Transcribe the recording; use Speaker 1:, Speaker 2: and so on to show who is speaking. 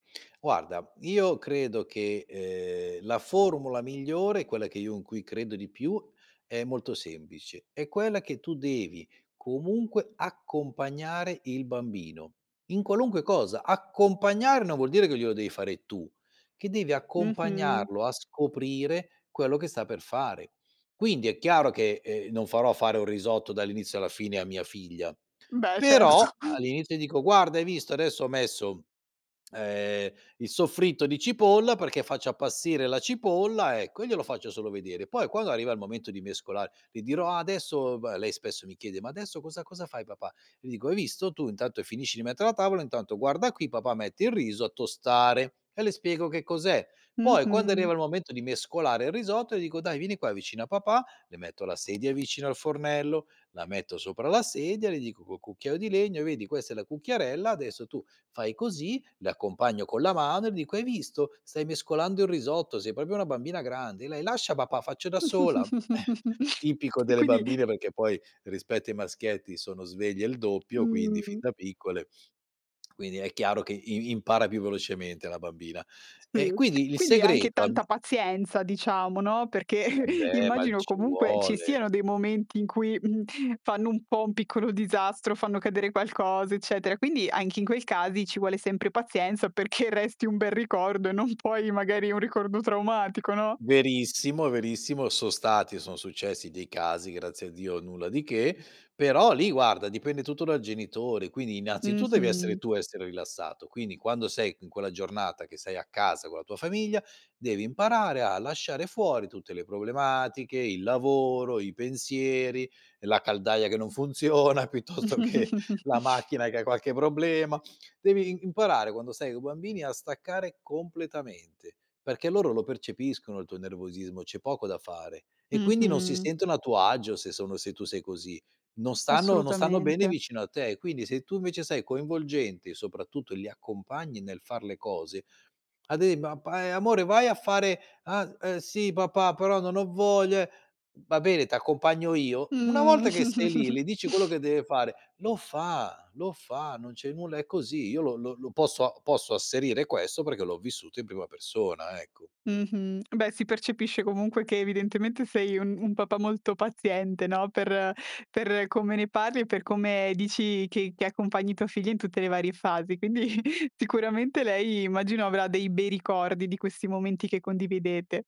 Speaker 1: Guarda, io credo che, ehm, la formula migliore, quella che io in cui credo di più, è molto semplice: è quella che tu devi comunque accompagnare il bambino, in qualunque cosa. Accompagnare non vuol dire che glielo devi fare tu, che devi
Speaker 2: Mh-mh.
Speaker 1: accompagnarlo a scoprire quello che sta per fare. Quindi è chiaro che, ehm, non farò fare un risotto dall'inizio alla fine a mia figlia.
Speaker 2: Beh,
Speaker 1: Però,
Speaker 2: certo.
Speaker 1: all'inizio dico: "Guarda, hai visto? Adesso ho messo, ehm, il soffritto di cipolla perché faccio appassire la cipolla", ecco, e glielo faccio solo vedere. Poi, quando arriva il momento di mescolare, le dirò: "Ah, adesso..." b lei spesso mi chiede: "Ma adesso cosa cosa fai, papà?". Le dico: "Hai visto? Tu intanto finisci di mettere la tavola, intanto guarda qui, papà mette il riso a tostare", e le spiego che cos'è. Poi, quando arriva
Speaker 2: Mh-mh.
Speaker 1: il momento di mescolare il risotto, dico: "Dai, vieni qua vicino a papà". Le metto la sedia vicino al fornello, la metto sopra la sedia, le dico col cucchiaio di legno: "E vedi? Questa è la cucchiarella, adesso tu fai così". L'accompagno con la mano e dico: "Hai visto? Stai mescolando il risotto, sei proprio una bambina grande". Lei: "Lascia, papà, faccio da sola". Eh, tipico
Speaker 2: E
Speaker 1: delle
Speaker 2: quindi
Speaker 1: bambine, perché poi, rispetto ai maschietti, sono sveglie il doppio, quindi fin
Speaker 2: Mh.
Speaker 1: da piccole. Quindi è chiaro che i impara più velocemente la bambina. E
Speaker 2: Uhm,
Speaker 1: quindi il
Speaker 2: quindi anche
Speaker 1: segreto a mi
Speaker 2: tanta pazienza, diciamo, no, perché
Speaker 1: eh beh, ma
Speaker 2: immagino,
Speaker 1: ci
Speaker 2: comunque, ci
Speaker 1: vuole.
Speaker 2: siano dei momenti in cui, mhmm, fanno un po' un piccolo disastro, fanno cadere qualcosa, eccetera. Quindi, anche in quei casi, ci vuole sempre pazienza perché resti un bel ricordo e non poi, magari, un ricordo traumatico, no?
Speaker 1: Verissimo, verissimo, so' stati son successi dei casi, grazie a Dio nulla di che, però lì, guarda, dipende tutto dal genitore. Quindi, innanzitu devi essere
Speaker 2: Mh-mh.
Speaker 1: tu ad essere rilassato. Quindi, quando sei c in quella giornata che sei a casa con la tua famiglia, devi imparare a lasciare fuori tutte le problematiche: il lavoro, i pensieri, la caldaia che non funziona, piuttosto che la macchina che ha qualche problema. Devi i imparare, quando stai co' bambini, a staccare completamente, perché loro lo percepiscono il tuo nervosismo, c'è poco da fare, e quindi non si
Speaker 2: Mh-mh.
Speaker 1: sentono a tuo agio se sono se tu sei così. Non stanno non stanno bene
Speaker 2: Assolutamente.
Speaker 1: vicino a te. Quindi se tu, invece, sei coinvolgente, soprattutto li accompagni nel far le cose, ad e ma pa "Amore, vai a fare?" "Ah, ehm, sì, papà, però non ho voglia, eh" "Va bene, t'accompagno io". Una
Speaker 2: Mh.
Speaker 1: volta che sei lì, le dici quello che deve fare, lo fa, lo fa, non c'è nulla è così. Io lo lo posso posso asserire questo perché l'ho vissuto in prima persona, ecco.
Speaker 2: Mh-mh. Beh, si percepisce comunque che evidentemente sei un un papà molto paziente, no, per per come ne parli e per come dici che che accompagni tua figlia in tutte le varie fasi. Quindi sicuramente lei, immagino, avrà dei bei ricordi di questi momenti che condividete.